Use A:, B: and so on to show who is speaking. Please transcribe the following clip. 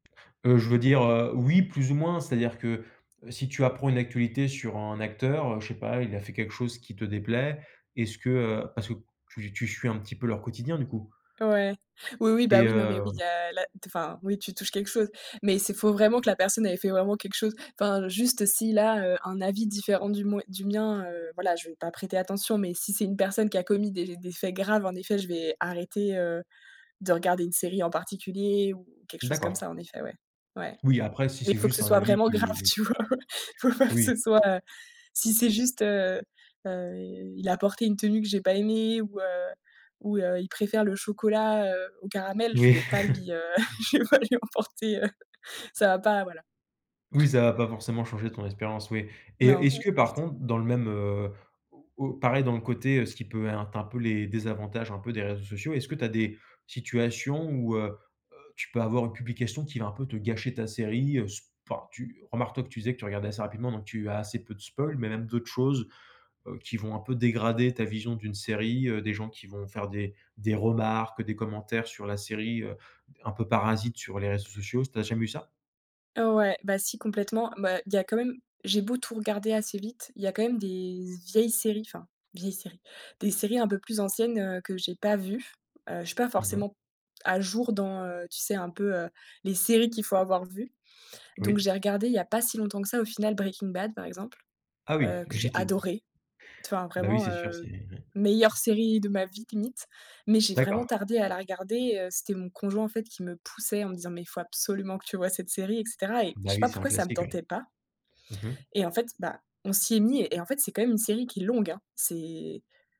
A: Heu, je veux dire, heu, oui plus ou moins c'est à dire que, heu, si tu apprends une actualité sur un acteur, heu, je sais pas, il a fait quelque chose qui te déplaît, est-ce que heu parce que tu tu suis un petit peu leur quotidien du coup.
B: Ouais. Oui, oui, bah
A: et
B: oui. Non, mais
A: heu
B: oui, il y a la t enfin, oui tu touches quelque chose, mais c'est faut vraiment que la personne elle ait fait vraiment quelque chose enfin, juste si là, heu, un avis différent du moin du mien, heu, voilà je vais pas prêter attention, mais si c'est une personne qui a commis des des faits graves en effet je vais arrêter, heu, de regarder une série en particulier ou quelque chose comme
A: D'accord.
B: ça en effet, ouais, ouais,
A: Oui après si
B: mais
A: c'est
B: il faut que
A: juste
B: ce
A: un
B: soit
A: avis
B: vraiment
A: qui
B: grave
A: oui.
B: tu vois? Faut pas que
A: Oui.
B: ce soit heu, si c'est juste, heu heu, il a porté une tenue que j'ai pas aimé ou heu, ou heu, il préfère le chocolat, heu, au caramel, je
A: Oui.
B: vais pas lui, heu, je vais pas lui en porter, heu ça va pas voilà.
A: Oui ça va pas forcément changer ton expérience, oui et heu,
B: Non,
A: est-ce
B: ouais,
A: que
B: pas du
A: par
B: tout.
A: contre dans le même heu, au au pareil dans le côté, heu, ce qui peut être un peu les désavantages un peu des réseaux sociaux, est-ce que tu as des situations où heu heu, tu peux avoir une publication qui va un peu te gâcher ta série? Heu, s enfin tu, remarque toi que tu disais que tu regardais assez rapidement donc tu as assez peu de spoils, mais même d'autres choses, heu, qui vont un peu dégrader ta vision d'une série, heu, des gens qui vont faire des des remarques, des commentaires sur la série, heu, un peu parasites sur les réseaux sociaux. Tu as jamais eu ça?
B: Heu, ouais, bah, si complètement. Bah il y a quand même j'ai beau tout regarder assez vite, il y a quand même des z vieilles séries, enfin vieilles séries, des séries un peu plus anciennes, heu, que j'ai pas vues. Heu, je suis pas
A: Mmh mh.
B: forcément à jour dans, heu, tu sais un peu, heu, les séries qu'il faut avoir vues, donc
A: Oui.
B: j'ai regardé il y a pas si longtemps que ça au final Breaking Bad par exemple,
A: Ah oui.
B: heu,
A: Tu es
B: que j'ai
A: ji te
B: adoré! T enfin
A: Bah oui,
B: vraiment,
A: c'est sûr, c'est
B: heu,
A: hem.
B: meilleure série de ma vie limite, mais j'ai vraiment
A: D'accord.
B: tardé à la regarder, heu, c'était mon conjoint en fait qui me poussait en me disant: «Mais il faut absolument que tu vois cette série, et cetera» et je
A: Bah
B: sais
A: oui,
B: pas
A: c'est un
B: pourquoi ça me
A: classique oui.
B: tentait pas,
A: Mmh mh.
B: et en fait, bah, on s'y est mis et et en fait c'est quand même une série qui est longue, hein. C'est